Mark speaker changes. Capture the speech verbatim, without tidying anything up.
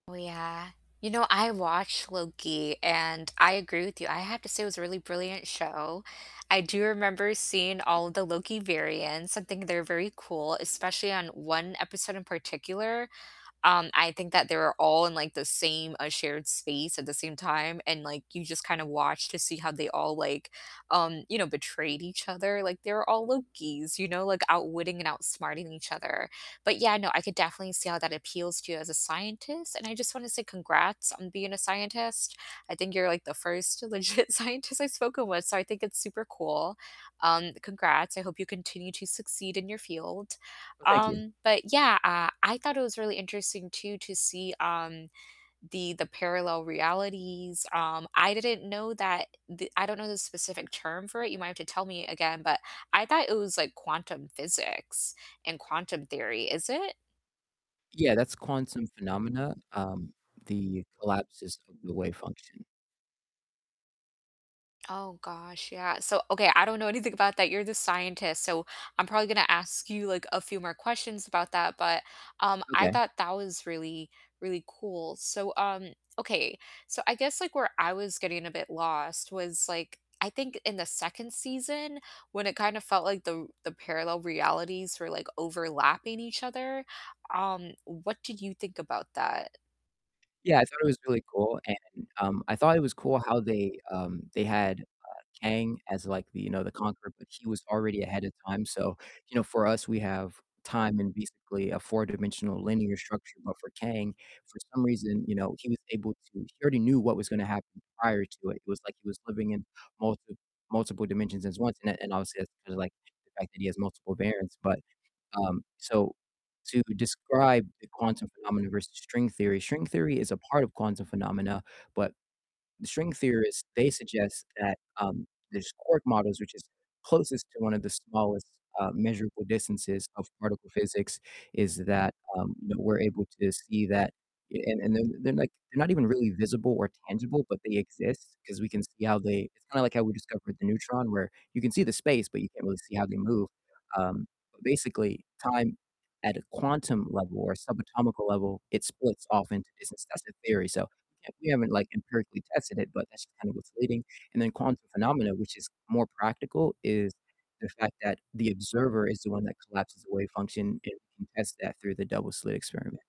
Speaker 1: Oh, yeah. You know, I watched Loki, and I agree with you, I have to say it was a really brilliant show, I do remember seeing all of the Loki variants, and think they're very cool, especially on one episode in particular, um, I think that they were all in, like, the same a shared space at the same time, and, like, you just kind of watch to see how they all, like, um, you know, betrayed each other, like, they were all Lokis, you know, like, outwitting and outsmarting each other, but yeah, no, I could definitely see how that appeals to you as a scientist, and I just want to say congrats on being a scientist, I think you're, like, the first legit scientist I've spoken with, so I think it's super cool, um, congrats, I hope you continue to succeed in your field,
Speaker 2: Well, thank you.
Speaker 1: um, but yeah, uh, I thought it was really interesting, too, to see, um, the the parallel realities, um, I didn't know that the I don't know the specific term for it, you might have to tell me again, but I thought it was, like, quantum physics and quantum theory, is it?
Speaker 2: Yeah, that's quantum phenomena, um, the collapses of the wave function.
Speaker 1: Oh, gosh, yeah, so, okay, I don't know anything about that, you're the scientist, so, I'm probably gonna ask you, like, a few more questions about that, but, um, I
Speaker 2: Okay.
Speaker 1: thought that was really, really cool, so, um okay, so, I guess, like, where I was getting a bit lost was, like, I think in the second season when it kind of felt like the the parallel realities were, like, overlapping each other, um, what did you think about that?
Speaker 2: Yeah, I thought it was really cool, and, um, I thought it was cool how they, um, they had, uh, Kang as, like, the, you know, the conqueror, but he was already ahead of time, so, you know, for us, we have time in basically a four-dimensional linear structure, but for Kang, for some reason, you know, he was able to he already knew what was gonna happen prior to it, it was like he was living in multi multiple dimensions as once, and and obviously that's there's, like, the fact that he has multiple variants, but, um, so, to describe the quantum phenomena versus string theory string theory is a part of quantum phenomena, but the string theorists, they suggest that, um, there's quark models which is closest to one of the smallest, uh, measurable distances of particle physics is that, um, you know, we're able to see that, and and they're they're, like, they're not even really visible or tangible, but they exist, 'cause we can see how they it's kinda like how we discovered the neutron, where you can see the space, but you can't really see how they move, um, but basically, time at a quantum level or subatomic level, it splits off into distance, that's the theory, so, yeah, we haven't, like, empirically tested it, but that's just kind of what's leading, and then quantum phenomena, which is more practical, is the fact that the observer is the one that collapses the wave function, and we can test that through the double-slit experiment.